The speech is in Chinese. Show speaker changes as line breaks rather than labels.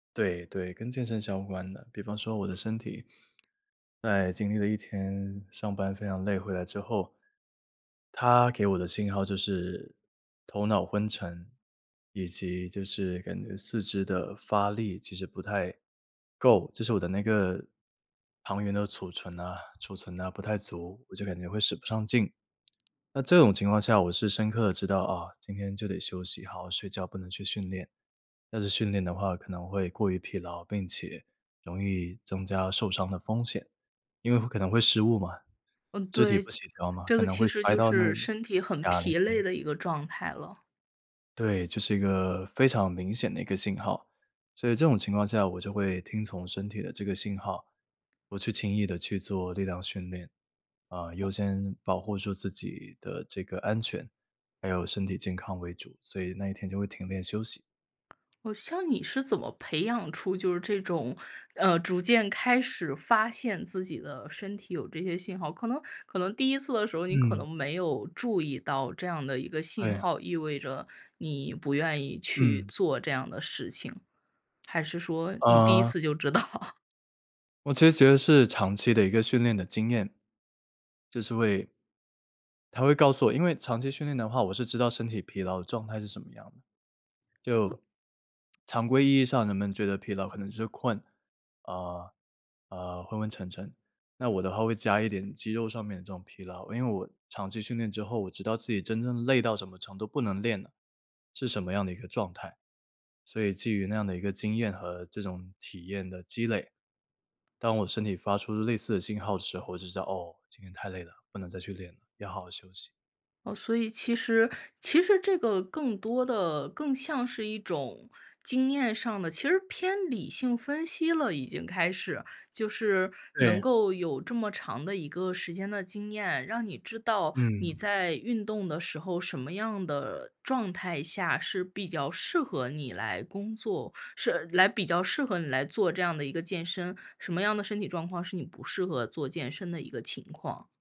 对对，跟健身相关的。比方说我的身体，在经历了一天上班非常累，回来之后，它给我的信号就是头脑昏沉，以及就是感觉四肢的发力其实不太够，就是我的那个糖原的储存呐储存呐不太足，我就感觉会使不上劲。那这种情况下我是深刻地知道，啊，今天就得休息，好好睡觉，不能去训练。要是训练的话可能会过于疲劳，并且容易增加受伤的风险，因为会可能会失误嘛，
嗯，
肢体
对，
不协调嘛，
这
可
个
能
其
会
实
摔
就
到那个
是身体很
哑铃，
疲累
对。
的一个状态了。
对，就是一个非常明显的一个信号。所以这种情况下我就会听从身体的这个信号，不去轻易地去做力量训练。啊，优
哦。
先保护住自己的这个安全，还有身体健康为主，所以那一天就会停练休息。
哦，像你是怎么培养出就是这种，嗯，逐渐开始发现自己的身体有这些信号。可能可能第一次的时候，你可
嗯。
能没有注意到这样的一个
哎
信
呀。
号，意味着你不愿意去
嗯。
做这样的事情，还是说你第一
嗯。
次就知道。
我其实觉得是长期的一个训练的经验，就是会它会告诉我因为长期训练的话我是知道身体疲劳的状态是什么样的。就，
我
常规意义上人们觉得疲劳可能就是困，啊，啊，昏昏沉沉，那我的话会加一点肌肉上面的这种疲劳。因为我长期训练之后，我知道自己真正累到什么程度，不能练了，是什么样的一个状态。所以基于那样的一个经验和这种体验的积累，当我身体发出类似的信号的时候，我就知道，哦，今天太累了，不能再去练了，要好好休息。
哦，所以其实其实这个更多的，更像是一种经验上的，其实偏理性分析了，已经开始。就是能
对。
够有这么长的一个时间的经验，让你知道你
嗯。
在运动的时候，什么样的状态下是比较适合你来工作是来比较适合你来做这样的一个健身，什么样的身体状况是你不适合做健身的一个情况。